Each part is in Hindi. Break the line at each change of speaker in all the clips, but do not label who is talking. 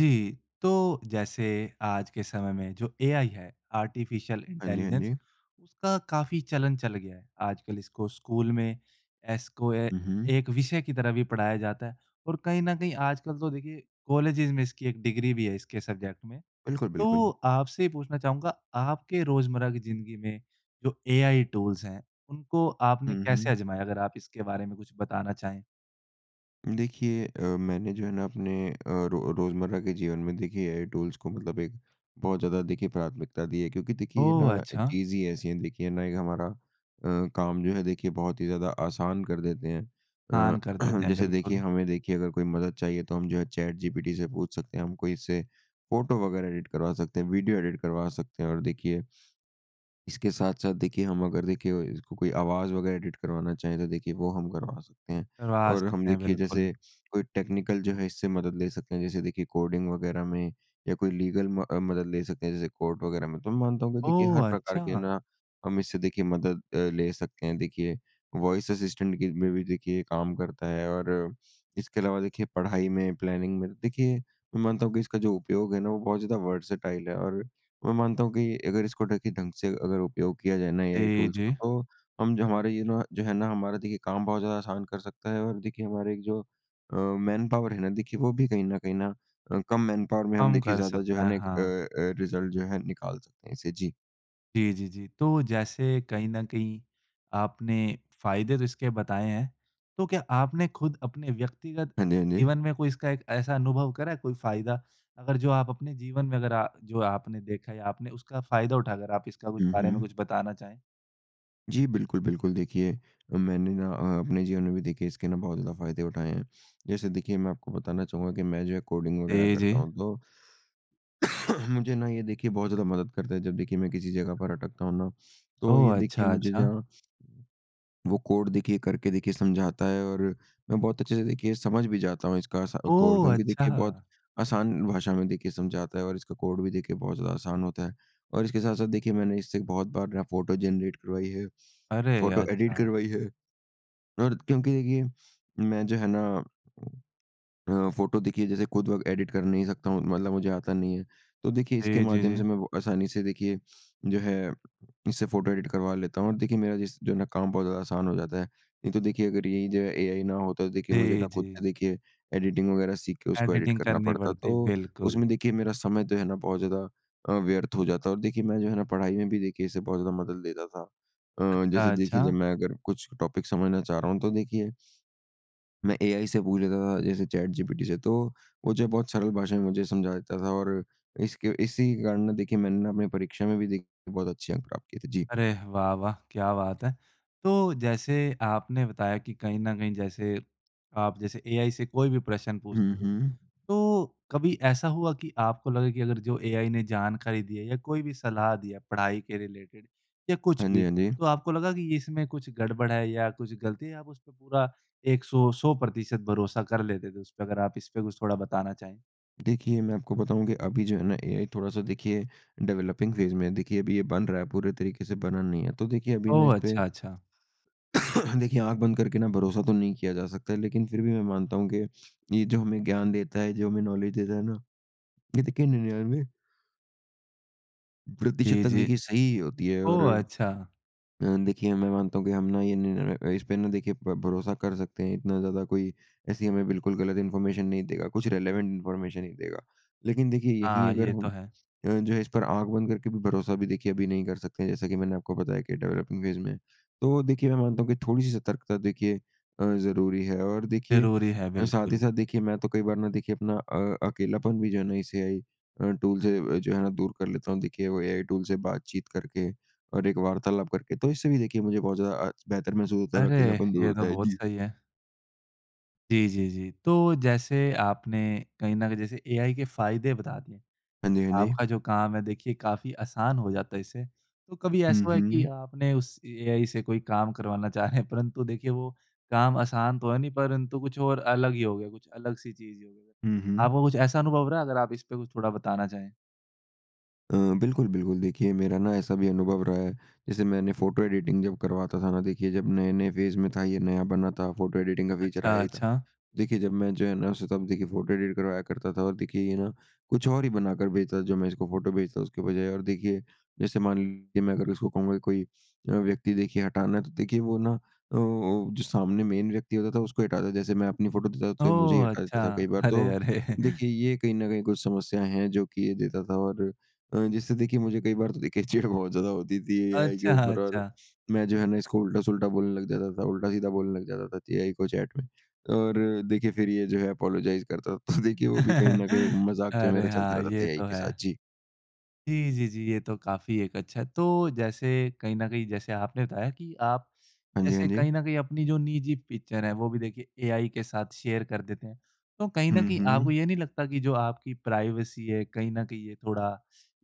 जी, तो जैसे आज के समय में जो एआई है, आर्टिफ़िशियल
हाँ जी, हाँ
इंटेलिजेंस
जी।
उसका काफ़ी चलन चल गया। आजकल इसको स्कूल में एस को ए,
हुँ, हुँ।
एक विषय की तरह भी पढ़ाया जाता है और कहीं न कहीं आजकल तो देखिए कॉलेजेज़ में इसकी एक डिग्री भी है इसके सब्जेक्ट में,
बिल्कुल,
तो
बिल्कुल।
आपसे पूछना चाहूँगा आपके रोज़मर्रा की ज़िंदगी में जो एआई टूल्स हैं, उनको आपने
हुँ,
कैसे
हुँ।
आज़माया? अगर आप इसके बारे में कुछ बताना चाहें।
देखिए अ, मैंने जो है ना अपने अ, रो रोज़मर्रा के जीवन में देखिए एआई टूल्स को मतलब एक बहुत ज़्यादा देखिए प्राथमिकता दी है। क्योंकि देखिए ये
ओह!
ना
अच्छा।
चीज़ ही ऐसी है, देखिए ना एक हमारा अ, काम जो है देखिए बहुत ही ज़्यादा आसान कर देते हैं। अ,
ऑन कर देते हैं,
जैसे देखिए
बिल्कुल।
हमें देखिए अगर कोई मदद चाहिए तो हम जो है चैटजीपीटी से पूछ सकते हैं। हमको इससे फोटो वगैरह एडिट करवा सकते हैं, वीडियो एडिट करवा सकते हैं और देखिए इसके साथ-साथ देखिए हम अगर देखिए इसको कोई आवाज़ वगैरह एडिट करवाना चाहे तो देखिए वो हम करवा सकते हैं।
करवा
और हम
सकते है,
देखिए
बिल्कुल।
जैसे कोई टेक्निकल जो है इससे मदद ले सकते हैं जैसे देखिए कोडिंग वगैरह में, या कोई लीगल म अ, मदद ले सकते हैं जैसे कोर्ट वगैरह में। तो मानता हूँ कि देखिए हर
ओह!
प्रकार के
अच्छा।
ना हम इससे देखिए मदद अ, ले सकते हैं, देखिए वॉइस असिस्टेंट की में भी देखिए काम करता है और इसके अलावा देखिए पढ़ाई में, प्लानिंग में देखिए मैं मानता हूँ कि इसका जो उपयोग है ना वो बहुत ज़्यादा वर्सेटाइल है और मैं मानता हूँ कि अगर इसको ढकी ढंग से अगर उपयोग किया जाए ना एआई
जी,
टूल्स को,
जी।
तो हम जो हमारे इनो जो है ना हमारा देखिए कम बहुत ज़्यादा आसान कर सकता है और देखिए हमारे एक जो अ, मैनपावर है ना देखिए वो भी कहीं न कहीं ना अ, कम मैनपावर में हम
कम
देखिए
कर
ज़्यादा जो
सकते
है
हैं,
एक अ
हाँ।
अ, रिज़ल्ट जो है निकाल सकते हैं इससे जी।
जी, जी, जी। तो जैसे कहीं न कहीं आपने फ़ायदे तो इसके बताए हैं, तो क्या आपने खुद अपने व्यक्तिगत
हाँ जी, हाँ जी।
जीवन में कोई इसका एक ऐसा अनुभव करा है, कोई फ़ायदा अगर जो आप अपने जीवन में अगर आ जो आपने देखा या आपने उसका फ़ायदा उठाकर आप इसका कुछ
हुँ,
बारे में
हुँ।
कुछ बताना चाहें?
जी, बिल्कुल, बिल्कुल देखिए अ, मैंने ना अ अपने जीवन में भी देखिए इसके ना बहुत ज़्यादा फ़ायदे उठाएँ हैं। जैसे देखिए मैं आपको बताना चाहूँगा कि मैं जो कोडिंग वगैरह
जी,
करता
जी।
हूँ, तो मुझे ना ये देखिए बहुत ज़्यादा मदद करता है। जब देखिए मैं किसी जगह पर अटकता हूँ ना तो
ओहो,
ये देखिए
अच्छा,
मुझे
अच्छा।
जहाँ वो कोड देखिए करके देखिए समझाता है और मैं बहुत अच्छे से देखिए समझ भी जाता हूँ इसका असा कोड
ओह!
क्योंकि देखिए बहुत
अच्छा।
आसान भाषा में देखिए समझाता है और इसका कोड भी देखिए बहुत ज़्यादा आसान होता है। और इसके साथ-साथ देखिए मैंने इससे बहुत बार ना फोटो जेनरेट करवाई है,
अरे!
फोटो एडिट
अच्छा।
करवाई है और क्योंकि ये मैं जो है ना अ, फोटो देखिए जैसे खुद बक एडिट कर नहीं सकता हूँ मतलब मुझे आता नहीं है। तो देखिए इसके
जी, जी,
माध्यम से
जी।
मैं वो आसानी से देखिए जो है इससे फोटो एडिट करवा लेता हूँ और देखिए मेरा जिस जो ना काम बहुत आसान हो जाता है। नहीं तो देखिए अगर यही जो है एआई ना होता तो देखिए मुझे
जी,
ना खुद का
जी।
देखिए एडिटिंग वगैरह सीखके उसको एडिट
एडिटिंग
करना
करनी
पड़ता
पड़ती,
तो
बिल्कुल।
उसमें देखिए मेरा समय तो है ना बहुत ज़्यादा अ, व्यर्थ हो जाता और देखिए मैं जो है ना पढ़ाई में भी देखिए इसे बहुत ज़्यादा मदद लेता था। अ, जैसे
अच्छा,
देखिए जब
अच्छा।
मैं अगर कुछ टॉपिक समझना चाह रहा हूँ तो देखिए मैं एआई से पूछ लेता था, जैसे चैटजीपीटी से, तो वो जो है बहुत सरल भाषा में मुझे समझा देता था और इसके इसी कारण ना देखिए मैंने ना अपने परीक्षा में भी देख बहुत अच्छे अंक प्राप्त किया थे। जी।
अरे! वाह, वाह, क्या बात है! तो जैसे आपने बताया कि कहीं न कहीं जैसे आप जैसे एआई से कोई भी प्रश्न
हुँ,
पूछते थे
हुँ।
तो कभी ऐसा हुआ कि आपको लगे कि अगर जो एआई ने जानकारी दी है या कोई भी सलाह दिया, पढ़ाई के रिलेटेड या कुछ
हाँ जी,
भी
हाँ जी।
तो आपको लगा कि इसमें कुछ गड़बड़ है या कुछ गलती है आप उस पे पूरा एक सौ सौ प्रतिशत भरोसा कर लेते थे उस पे अगर आप इस पे कुछ थोड़ा बताना चाहें?
देखिए, मैं आपको बताऊँ कि अभी जो है ना एआई थोड़ा-सा देखिए डेवेलपिंग फेज़ में है, देखिए अभी ये बन रहा है पूरे तरीके से बना नहीं है। तो देखिए अभी ना
ओह,
इस पे
अच्छा, अच्छा।
देखिए आँख बंद करके ना भरोसा तो नहीं किया जा सकता है, लेकिन फिर भी मैं मानता हूँ कि ये जो हमें ज्ञान देता है, जो हमें नॉलेज देता है ना, ये देखिए 99 प्रतिशत
जी,
तक
जी।
देखिए सही ही होती है और
ओह! अच्छा।
अ, देखिए मैं मानता हूँ कि हम ना ये निर अ, इस पे ना देखिए प भरोसा कर सकते हैं इतना ज़्यादा कोई ऐसी हमें बिल्कुल गलत इन्फॉर्मेशन नहीं देगा कुछ रेलेवेंट इन्फॉर्मेशन ही देगा। लेकिन देखिए यहीं
हाँ,
अगर
ये
हम
तो है।
अ, जो है इस पर आँख बंद करके भी भरोसा भी देखिए अभी नहीं कर सकते हैं जैसा कि मैंने आपको बताया कि डेवेलपिंग फेज़ में, तो देखिए मैं मानता हूँ कि थोड़ी सी सतर्कता, देखिए अ, ज़रूरी है और देखिए
ज़रूरी है,
अ, साथ ही
बिल्कुल।
साथ देखिए मैं तो कई बार ना देखिए अपना अ, अकेलापन भी जो है ना इस एआई अ, टूल से जो है ना दूर कर लेता हूँ देखिए वो एआई टूल से बातचीत करके और एक वार्तालाप करके तो इससे भी देखिए मुझे बहुत ज़्यादा अ, बेहतर महसूस और
अरे!
अकेलापन दूर
ये तो
होता है।
बहुत
जी।
सही है। जी, जी, जी। तो जैसे आपने कहीं न कहीं जैसे एआई के फ़ायदे बता दिए,
हाँ जी, हाँ जी।
आपका जो काम है देखिए काफ़ी आसान हो जाता इससे, तो कभी
हुँ,
ऐसा हुआ कि
हुँ।
आपने उस एआई से कोई काम करवाना चाहें परंतु देखिए वो काम आसान तो है नहीं, परंतु कुछ और अलग ही हो गया, कुछ अलग-सी चीज़ हो गई।
हुँ, हुँ।
आपको कुछ ऐसा अनुभव रहा है? अगर आप इस पे कुछ थोड़ा बताना चाहें?
अ, बिल्कुल, बिल्कुल। देखिए मेरा ना ऐसा भी अनुभव रहा है जैसे मैंने फोटो एडिटिंग जब करवाता था ना देखिए जब नए-नए फेज़ में था, ये नया बना था फोटो एडिटिंग का फ़ीचर आया
अच्छा,
ही था।
अच्छा।
देखिए जब मैं जो है ना उसे तब देखिए फोटो एडिट करवाया करता था और देखिए ये ना कुछ और ही बनाकर भेजता जो मैं इसको फोटो भेजता हूँ उसके बजाए और देखिए जैसे मान लीजिए मैं अगर उसको कहूँगा कोई व्यक्ति देखिए हटाना है तो देखिए वो ना अ अ, जो सामने मेन व्यक्ति होता था उसको हटा देता। जैसे मैं अपनी फोटो देता तो ये मुझे ही
ओह,
हटा
अच्छा।
देता कई बार
अरे,
तो,
अरे!
देखिए ये कहीं न कहीं कुछ समस्याएँ हैं जो कि ये देता था और अ, जिससे देखिए मुझे कई बार तो देखिए चिढ़ बहुत ज़्यादा होती थी एआई के
अच्छा,
ऊपर और
अच्छा।
मैं जो है ना इसको उल्टा-सुल्टा बोलने लग जाता था उल्टा-सीधा बोलने लग जाता था एआई को चैट में। और देखिए फिर ये जो है अपोलोजाइज़ करता था, तो देखिए वो भी कहीं न कहीं एक मज़ाक जो है
अरे!
मेरा चलता
हाँ,
रहता था
ये
एआई
तो
के साथ।
है।
जी।
जी, जी, जी, ये तो काफ़ी एक अच्छा है। तो जैसे कहीं न कहीं जैसे आपने बताया कि आप
हाँ जी, हाँ
ऐसे
जी।
कहीं न कहीं अपनी जो निजी पिक्चर है वो भी देखे एआई के साथ शेयर कर देते हैं। तो कहीं न
हुँ,
कहीं आपको
हुँ।
ये नहीं लगता कि जो आपकी प्राइवेसी है कहीं न कहीं ये थोड़ा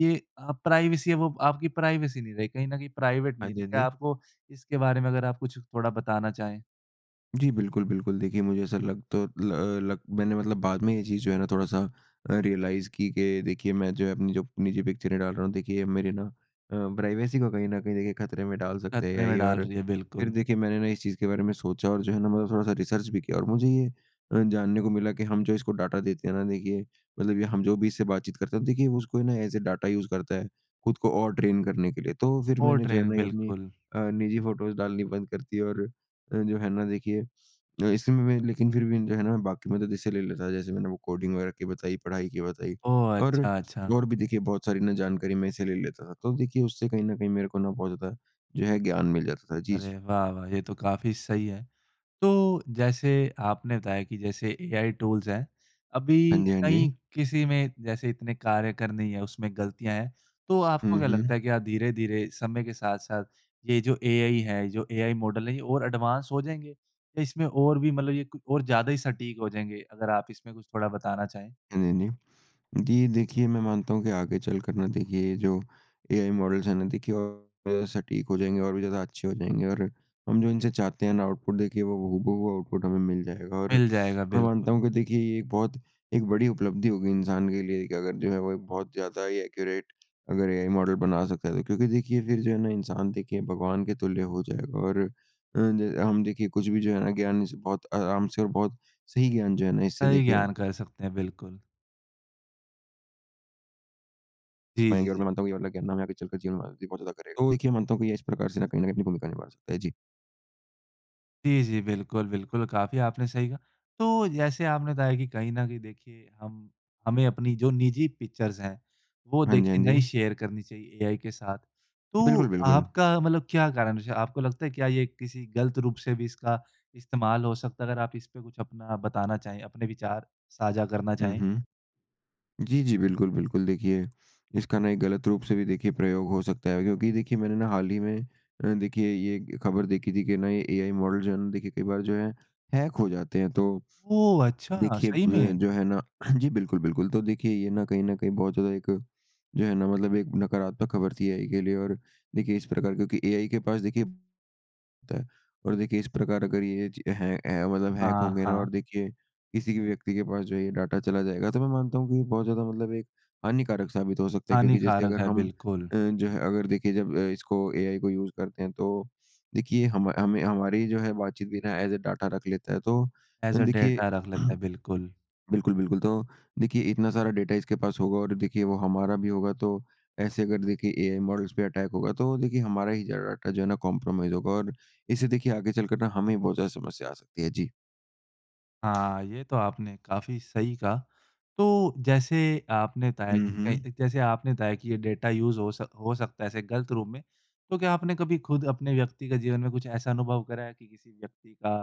ये अ, प्राइवेसी अब वो आपकी प्राइवेसी नहीं रहे, कहीं न कहीं प्राइवेट
हाँ
नहीं
जी,
रही,
हाँ
क्या
जी।
आपको इसके बारे में अगर आप कुछ थोड़ा बताना चाहें?
जी, बिल्कुल, बिल्कुल। देखिए मुझे ऐसा लग तो लग मैंने मतलब बाद में ये चीज़ जो है ना थोड़ा-सा रियलाइज़ की कि देखिए मैं जो अपनी जो निजी पिक्चरें डाल रहा हूँ देखिए मेरी ना अ, प्राइवसी को कहीं न कहीं देखे खतरे में डाल सकते
ख़तरे में
हैं
डाल
और
रही है,
फ़िर
बिल्कुल।
देखिए मैंने ना इस चीज़ के बारे में सोचा और जो है ना मतलब थोड़ा-सा रीसर्च भी किया। और मुझे ये अ, जानने को मिला कि हम जो इसको डाटा देते हैं ना देखिए मतलब कि हम जो भी इससे बातचीत करते हैं देखिए उसको ये ना ऐस अ डेटा यूज़ करता है खुद को और ट्रेन करने के लिए। तो फ़िर
ओह,
मैंने जो है
ट्रेन
ना ये अपनी
बिल्कुल।
अ, निजी फ़ोटोस डालनी बंद कर दी और जो है ना देखिए इसी में में लेकिन फ़िर भी जो है ना बाकी मतलब जैसे ले लेता था जैसे मैंने वो कोडिंग वगैरा की बताई पढ़ाई की बताई,
ओह।
और
अच्छा, अच्छा।
और भी देखिए बहुत सारी ना जानकारी मैं इससे ले लेता था। तो देखिए उससे कहीं न कहीं मेरे को ना बहुत ज़्यादा जो है ज्ञान मिल जाता था। जी, जी।
अरे, वाह-वाह! ये तो काफ़ी सही है। तो, जैसे आपने बताया कि जैसे एआई टूल्स हैं, अभी
हाँ जी। हाँ
कहीं
जी।
किसी में जैसे इतने कार्य करने ही है उसमें ग़लतियाँ हैं तो आपको
हुँ,
क्या लगता
हुँ।
है कि आप धीरे-धीरे समय के साथ साथ ये जो एआई है जो एआई मॉडल है ये और एडवांस हो जाएँगे? इसमें और भी मतलब ये और ज़्यादा ही सटीक हो जाएँगे अगर आप इसमें कुछ थोड़ा बताना चाहें।
हाँ जी, हाँ जी। जी देखिए मैं मानता हूँ कि आगे चलकर ना देखिए जो एआइ मॉडल्ज़ है ना देखिए और सटीक हो जाएँगे, और भी ज़्यादा अच्छे हो जाएँगे और, हम जो इनसे चाहते हैं ना आउटपुट देखिए वो हूबहू आउटपुट हमें मिल जाएगा। और
मिल जाएगा,
मैं मानता
बिल्कुल।
हूँ कि देखिए ये एक बहुत एक बड़ी उपलब्धि होगी इंसान के लिए कि अगर जो है वो एक बहुत ज़्यादा ही एक्युरेट अगर एआइ मॉडल बना सकता है। तो क्योंकि देखिए फ़िर जो है ना इंसान देखिए भगवान के तुल्य हो जाएगा और अ ज, हम देखिए कुछ भी जो है ना ज्ञान इससे बहुत आराम से और बहुत सही ज्ञान जो है ना इससे
सही
देखिए
ज्ञान कह सकते हैं बिल्कुल। जी, जी,
पाएँगे और मैं
जी।
मानता हूँ [unintelligible] आगे चलकर जीवन में भी पहुँचा ज़्यादा करेगा। तो देखिए मैं मानता को ये इस प्रकार से ना कहीं न कहीं अपनी भूमिका निभा सकता है, जी।
जी, जी। बिल्कुल-बिल्कुल, काफ़ी आपने सही कहा। तो जैसे आपने बताया कि कहीं न कहीं देखिए हम हमें अपनी जो निजी पिक्चर्स हैं, वो
हाँ जी। हाँ
देखिए
जी।
नही शेयर करनी चाहिए एआई के साथ। तो,
बिल्कुल, बिल्कुल।
आपका मतलब क्या कारण जैसे आपको लगता है कि ये किसी गलत रूप से भी इसका इस्तेमाल हो सकता है? अगर आप इस पे कुछ अपना बताना चाहें अपने विचार साझा करना
हुँ,
चाहें।
हुँ। जी, जी, बिल्कुल, बिल्कुल। देखिए इसका ना एक गलत रूप से भी देखिए प्रयोग हो सकता है, क्योंकि देखिए मैंने ना हाल ही में देखिए ये खबर देखी थी कि ना ये एआई मॉडल जो है ना देखिए कई बार जो है हैक हो जाते हैं। तो
ओह, अच्छा!
देखिए अ,
सही में?
जो है ना जी बिल्कुल, बिल्कुल। तो देखिए ये ना कहीं न कहीं बहुत ज़्यादा एक जो है ना मतलब एक नकारात्मक खबर थी, एआई के लिए और देखिए इस प्रकार क्योंकि एआइ के पास देखिए ता है और देखिए इस प्रकार अगर ये ची है है मतलब हैक
हाँ,
होंगे ना और
हाँ।
देखिए किसी भी व्यक्ति के पास जो है ये डेटा चला जाएगा। तो मैं मानता हूँ कि बहुत ज़्यादा मतलब एक हानिकारक साबित हो सकता है क्योंकि जैसे
हानिकारक
अगर
है,
हम
बिल्कुल।
अ, जो है अगर देखिए जब अ इसको एआई को यूज़ करते हैं तो देखिए हम हमें हमारी जो है बातचीत भी ना ऐज़ अ डेटा रख लेता है। तो
ऐज़ अ
देखिए
डेटा रख लेते है, बिल्कुल।
बिल्कुल, बिल्कुल। तो देखिए इतना सारा डेटा इसके पास होगा और देखिए वो हमारा भी होगा तो ऐसे अगर देखिए एआई मॉडल्ज़ पे अटैक होगा तो देखिए हमारा ही जो है डेटा जो है ना कंप्रोमाइज़ होगा और इससे देखिए आगे चलकर ना हमें ही बहुत ज़्यादा समस्या आ सकती है। जी।
हाँ, ये तो आपने काफ़ी सही कहा। तो जैसे आपने बताया
हुँ,
कि कई
हुँ।
जैसे आपने बताया कि ये डेटा यूज़ हो सक हो सकता है गलत रूप में। तो क्या आपने कभी खुद अपने व्यक्ति का जीवन में कुछ ऐसा अनुभव करा कि किसी व्यक्ति का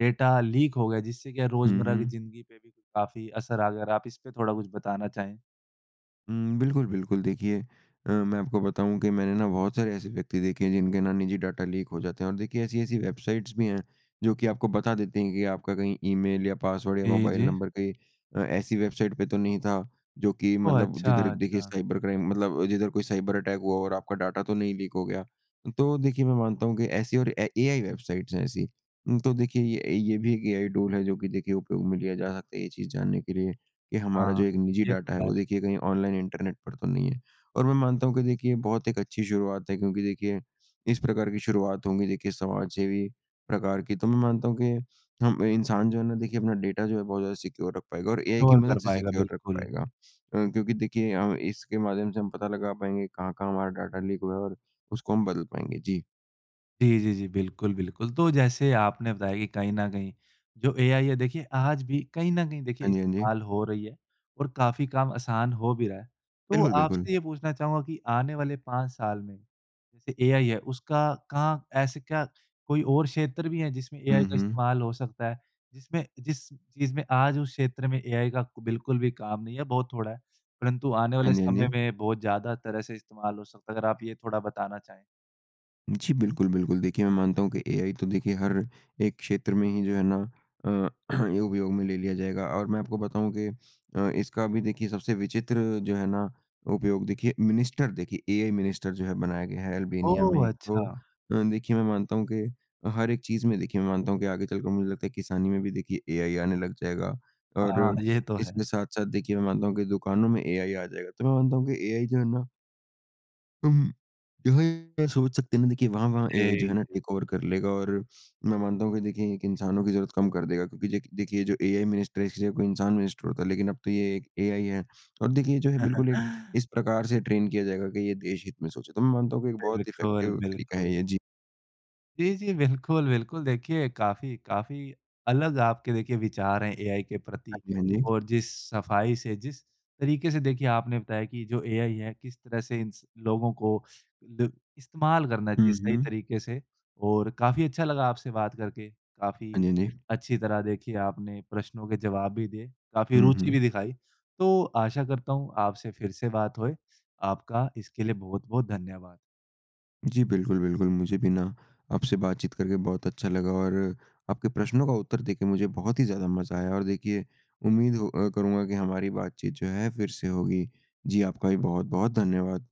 डेटा लीक हो गया जिससे कि
हुँ,
रोज़मर्रा की
हुँ।
ज़िंदगी पे भी काफ़ी असर आ गया? अगर आप इस पे थोड़ा कुछ बताना चाहें।
हुँ, बिल्कुल, बिल्कुल। देखिए अ, मैं आपको बताऊँ कि मैंने ना बहुत सारे ऐसे व्यक्ति देखे हैं जिनके ना निजी डेटा लीक हो जाते हैं और देखिए ऐसी-ऐसी वेबसाइट्स भी हैं, जो कि आपको बता देती हैं कि आपका कहीं ईमेल या पास्वर्ड या
जी,
मोबाइल
जी।
नम्बर कहीं अ, ऐसी वेबसाइट् पे तो नहीं था, जो कि
ओह,
मतलब
अच्छा,
जिधर देखिए
अच्छा।
साइबर क्राइम मतलब जिधर कोई साइबर अटैक हुआ हो और आपका डेटा तो नहीं लीक हो गया। तो देखिए मैं मानता हूँ कि ऐसी और एआई वेबसाइट्स हैं ऐसी। तो देखिए ये ये भी एक एआई टूल है जो कि देखिए उपयोग में लिया जा सकता है, ये चीज़ जानने के लिए कि हमारा
हाँ।
जो एक निजी
ये
डेटा है
तो है।
वो देखिए कहीं ऑनलाइन इंटर्नेट पर तो नहीं है और मैं मानता हूँ कि देखिए बहुत ही अच्छी शुरुआत है, क्योंकि देखिए इस प्रकार की शुरुआत होगी देखिए समाज सेवी प्रकार की, तो मैं मानता हुँ कि हम इंसान जो है ना देखिए अपना डेटा जो है बहुत ज़्यादा सिक्योर रख पाएगा और एआई की
सिक्योर कर
मदद से
पाएगा,
सिक्योर रख
बिल्कुल।
पाएगा अ, क्योंकि देखिए हम इसके माध्यम से हम पता लगा पाएँगे कहाँ-कहाँ हमारा डेटा लीक हुआ है और उसको हम बदल पाएँगे, जी।
जी, जी, जी। बिल्कुल, बिल्कुल। तो जैसे आपने बताया कि कहीं न कहीं जो एआई है देखिए आज भी कहीं न कहीं देखिए
हाँ जी। हाँ जी।
इस्तेमाल हो रही है, और काफ़ी काम आसान हो भी रहा है। तो
बिल्कुल,
आपसे
बिल्कुल।
ये पूछना चाहूँगा कि आने वाले 5 साल में जैसे एआई है उसका कहाँ ऐसे क्या कोई और क्षेत्र भी है जिसमें एआई
हुँ,
का
हुँ।
इस्तेमाल हो सकता है? जिसमें जिस चीज़ में आज उस क्षेत्र में एआई का बिल्कुल भी काम नहीं है बहुत थोड़ा है, परंतु आने
हाँ
वाले
जी। हाँ
समय
जी।
में बहुत ज़्यादा तरह से इस्तेमाल हो सकता है। अगर आप ये थोड़ा बताना चाहें।
जी बिल्कुल, बिल्कुल। देखिए मैं मानता हूँ कि एआई तो देखिए हर एक क्षेत्र में ही जो है ना अ, उपयोग में ले लिया जाएगा और मैं आपको बताऊँ कि अ, इसका अभी देखिए सबसे विचित्र जो है ना, उपयोग देखिए मिनिस्टर देखिए एआई मिनिस्टर जो है बनाया गया है अल्बानिया में।
ओह!
तो
अच्छा।
देखिए मैं मानता हूँ कि हर एक चीज़ में देखिए मैं मानता हूँ कि आगे चलकर मुझे लगता है, किसानी में भी देखिए एआई आने लग जाएगा
हाँ,
और,
ये तो है।
इसके साथ-साथ देखिए मैं मानता हूँ कि दुकानों में एआई आ जाएगा। तो मैं मानता हूँ कि एआई जो है ना अम, जो हैं सोच सकते हैं ना देखिए वहाँ-वहाँ एआइ जो
जी,
है ना
जी।
टेक ओवर कर लेगा और मैं मानता हूँ कि देखिए एक इंसानों की ज़रूर कम कर देगा, क्योंकि देख देखिए जो एआई मिनिस्टर है इसकी जगह कोई इंसान मिनिस्टर होता लेकिन अब तो ये एक एआई है, और देखिए जो है बिल्कुल एक इस प्रकार से ट्रेन किया जाएगा की ये देश हित में सोचे। तो मैं मानता हूँ की एक बहुत
बिल्कुल,
इफ़ेक्टिव तरीका
बिल्कुल।
है ये, जी।
जी, जी, बिल्कुल, बिल्कुल। देखिए काफ़ी काफ़ी अलग आपके देखिए विचार हैं एआई के
हाँ
प्रति,
जी। हाँ जी।
और जिस सफ़ाई से, जिस तरीके से देखिए आपने बताया कि जो एआई है किस तरह से इन स लोगों को ल इस्तेमाल करना चाहिए
हुँ,
सही
हुँ।
तरीके से और काफ़ी अच्छा लगा आपसे बात करके।
हाँ
काफ़ी
जी। हाँ जी।
अच्छी तरह देखिए आपने प्रश्नों के जवाब भी दिए। काफ़ी
हुँ,
रुचि भी
हुँ।
दिखाई। तो आशा करता हूँ आपसे फ़िर से बात होए। आपका इसके लिए बहुत-बहुत धन्यवाद।
जी बिल्कुल, बिल्कुल। मुझे भी ना, आपसे बातचीत करके बहुत अच्छा लगा और आपके प्रश्नों का उत्तर देके मुझे बहुत ही ज़्यादा मज़ा आया और देखिए उम्मीद अ, करूँगा कि हमारी बातचीत जो है फ़िर से होगी। जी आपका भी बहुत-बहुत धन्यवाद।